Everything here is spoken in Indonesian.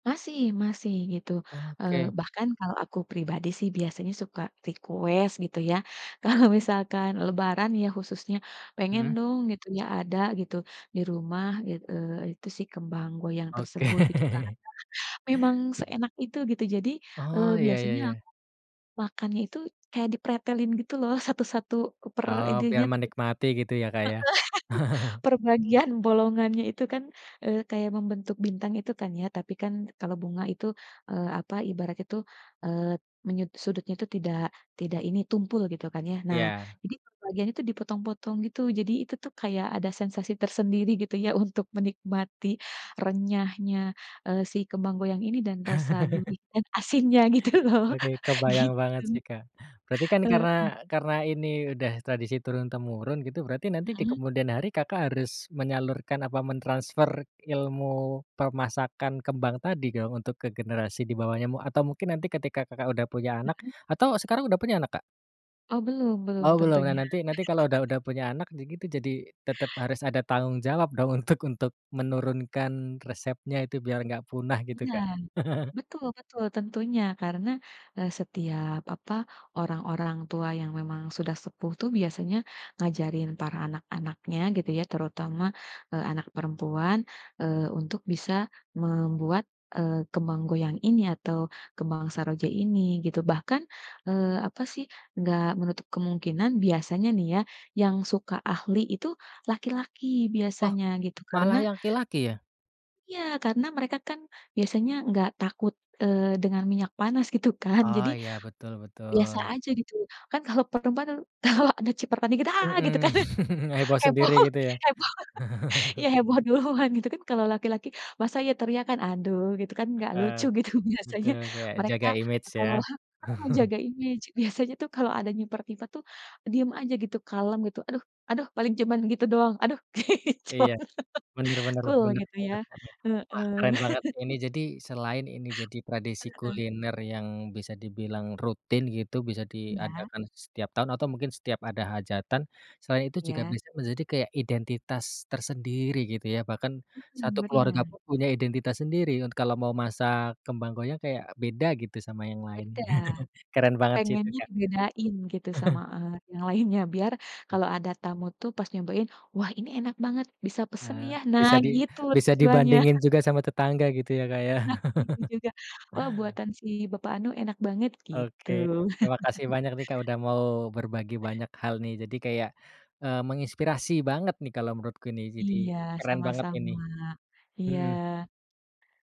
Masih masih, gitu. Eee, Oke. bahkan kalau aku pribadi sih biasanya suka request, gitu ya. Kalau misalkan lebaran ya, khususnya pengen, Mhm. dong, gitu ya, ada gitu, di rumah it eee, itu sih, kembang goyang Oke. tersebut, gitu kan. Memang seenak itu, gitu. Jadi, eee, Oh, iya iya biasanya iya. aku makannya itu kayak dipretelin, gitu loh. Satu-satu per Oh, biar ininya heeh, menikmati, gitu, ya, Kak, ya. per bagian bolongannya, itu kan, eee, kayak membentuk bintang, itu kan, ya. Tapi kan kalau bunga itu, eee, apa, ibaratnya itu, eee, menyut sudutnya itu tidak tidak ini, tumpul, gitu kan, ya. Nah, Iya. jadi bagian itu dipotong-potong, gitu. Jadi itu tuh, kayak ada sensasi tersendiri, gitu ya, untuk menikmati renyahnya, eee, si kembang goyang ini dan rasa gurih dan asinnya, gitu loh, Oke, kebayang gitu. banget sih, Kak. Berarti kan Heeh. karena karena ini udah tradisi turun-temurun, gitu, berarti nanti di Mhm. kemudian hari Kakak harus menyalurkan, apa, mentransfer ilmu permasakan kembang tadi kalau untuk ke generasi di bawahnya mu atau mungkin nanti ketika Kakak udah punya anak Mhm. atau sekarang udah punya anak, Kak? Oh, belum, belum Oh, belum. Nah, tentunya. nanti nanti kalau udah udah punya anak ya, gitu, jadi tetep harus ada tanggung jawab dong untuk untuk menurunkan resepnya itu biar enggak punah, gitu, Iya. Kak. Betul betul tentunya. Karena, eee, setiap, apa, orang orang tua yang memang sudah sepuh tuh biasanya ngajarin para anak-anaknya, gitu ya, terutama, eee, anak perempuan, eee, untuk bisa membuat, eee, kembang goyang ini atau kembang saroja ini, gitu. Bahkan, eee, apa sih, nggak menutup kemungkinan biasanya nih ya, yang suka ahli itu laki-laki, Oh, biasanya gitu, karena malah yang laki-laki, ya? Iya, karena mereka kan biasanya enggak takut, eee, dengan minyak panas, gitu kan, Oh, jadi iya, betul biasa betul. aja gitu, kan kalau perempuan kalau ada cipratan dikit, "Ah!" gitu Mhm, kan, heboh heboh sendiri, gitu, ya. heboh, iya, heboh duluan gitu kan, kalau laki-laki masa ya teriakan, aduh, gitu kan nggak Heeh, lucu gitu biasanya betul, kayak mereka jaga image ya. kalo mhm, jaga image biasanya tuh kalau ada nyiprat-nyiprat tuh diem aja gitu, kalem gitu, "Aduh aduh," paling cuman gitu doang, "Aduh." gitu. Iya, bener bener Cool bener gitu, ya. bener bener. Wah, Heeh. keren banget ini jadi selain ini jadi tradisi Heeh. kuliner yang bisa dibilang rutin gitu, bisa Iya. diadakan setiap tahun, atau mungkin setiap ada hajatan, selain itu juga Iya. bisa menjadi kayak identitas tersendiri, gitu ya, bahkan Mhm, satu keluarga bener. pun punya identitas sendiri un kalau mau masak kembang goyang, kayak beda gitu sama yang lain, Beda. keren banget sih itu, Pengennya Kak. dibedain gitu sama, eee, yang lainnya biar kalau ada tamu tuh pas nyobain, "Wah, ini enak banget, bisa pesen, Oh, ya, "Nah, bisa di gitu bisa tujuannya. dibandingin juga sama tetangga, gitu ya, Kak, ya. Nah, gitu juga. "Wah, buatan si bapak anu enak banget," Oke, gitu. terima kasih banyak nih, Kak, udah mau berbagi banyak hal nih, jadi kayak, eee, menginspirasi banget nih, kalau menurutku ini jadi Iya, keren banget ini. sama-sama. Mhm. Iya.